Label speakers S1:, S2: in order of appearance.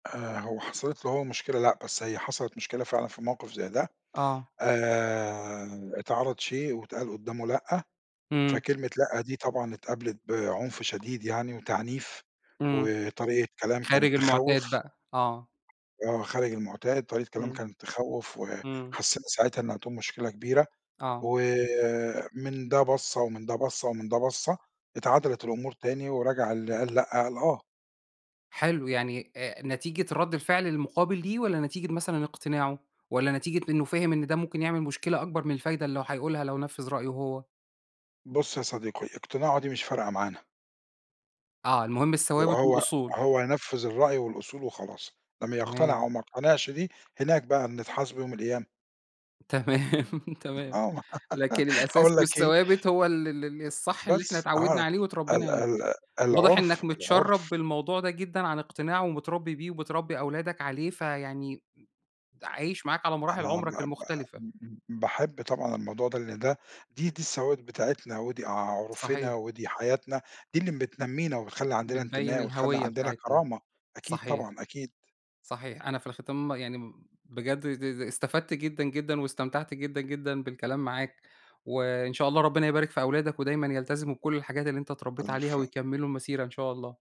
S1: آآ، هو حصَلِت له هو مشكلة لأ، بس هي حصَلِت مشكلة فعلًا في موقف زي ده،
S2: آه.
S1: آآ اتعرض شئ واتقال قدّامه لأ،
S2: إمم.
S1: فكلمة لأ دي طبعًا اتقابلت بعنف شديد يعني وتعنيف،
S2: إمم،
S1: وطريقة كلام
S2: خارج
S1: كانت
S2: المُعتاد
S1: تخوّف
S2: بقى، آه.
S1: آه خارج المُعتاد، طريق كلام
S2: إمم.
S1: كان تخوّف،
S2: إمم.
S1: وحسّينا ساعتها إن هتقوم مشكلة كبيرة،
S2: آه.
S1: ومن ده بَصّة، ومن ده بَصّة، ومن ده بَصّة، اتعدلت الأمور تاني ورجع اللي قال لأ قال آه.
S2: حلو، يعني آآ نتيجة رَد الفعل المُقابل ليه، والّا نتيجة مثلًا اقتناعه، والّا نتيجة إنه فاهم إن ده ممكن يعمل مشكلة أكبر من الفايدة اللي هو هيقولها لو نفِّذ رأيه هو؟
S1: بًصّ يا صديقي، اقتناعه دي مش فارقة معانا.
S2: آه، المهم الثوابت
S1: وهو
S2: والأصول.
S1: هو ينفّذ الرأي والأصول وخلاص، إنّما يقتنع
S2: تمام.
S1: أو ما يقتنعش دي، هناك بقى نتحاسبوا يوم القيامة.
S2: تمام، تمام،
S1: آه
S2: لكن الأساس
S1: هاقول لك إيه.
S2: والثوابت هو ال ال ال الصح اللي إحنا
S1: بس
S2: اتعوّدنا
S1: آه
S2: عليه واتربّينا
S1: ال
S2: عليه،
S1: ال
S2: واضح
S1: العُرف
S2: إنّك متشّرب
S1: العُرف
S2: بالموضوع ده جدًا عن اقتناع ومتربّي بيه، وبتربّي أولادك عليه، فيعني م عايش معاك على مراحل
S1: أنا
S2: عمُرك
S1: با با
S2: المختلفة.
S1: م م م باحب طبعًا الموضوع ده لأن ده دي دي الثوابت بتاعتنا، ودي عُرفنا
S2: صحيح.
S1: ودي حياتنا، دي اللي م بتنمّينا وبتخلّي عندنا
S2: بتبيّن
S1: انتماء وتخلّى
S2: الهوية
S1: عندنا
S2: بتاعتنا،
S1: كرامة، أكيد
S2: صحيح،
S1: طبعًا أكيد.
S2: صحيح، أنا في الختام يعني م بجد د د استفدت جدًا، جدًا، واستمتعت جدًا، جدًا، بالكلام معاك، وإن شاء الله ربنا يبارك في أولادك ودايمًا يلتزموا بكلّ الحاجات اللي أنت اتربّيت عليها،
S1: ألف
S2: ويكمّلوا المسيرة إن شاء الله.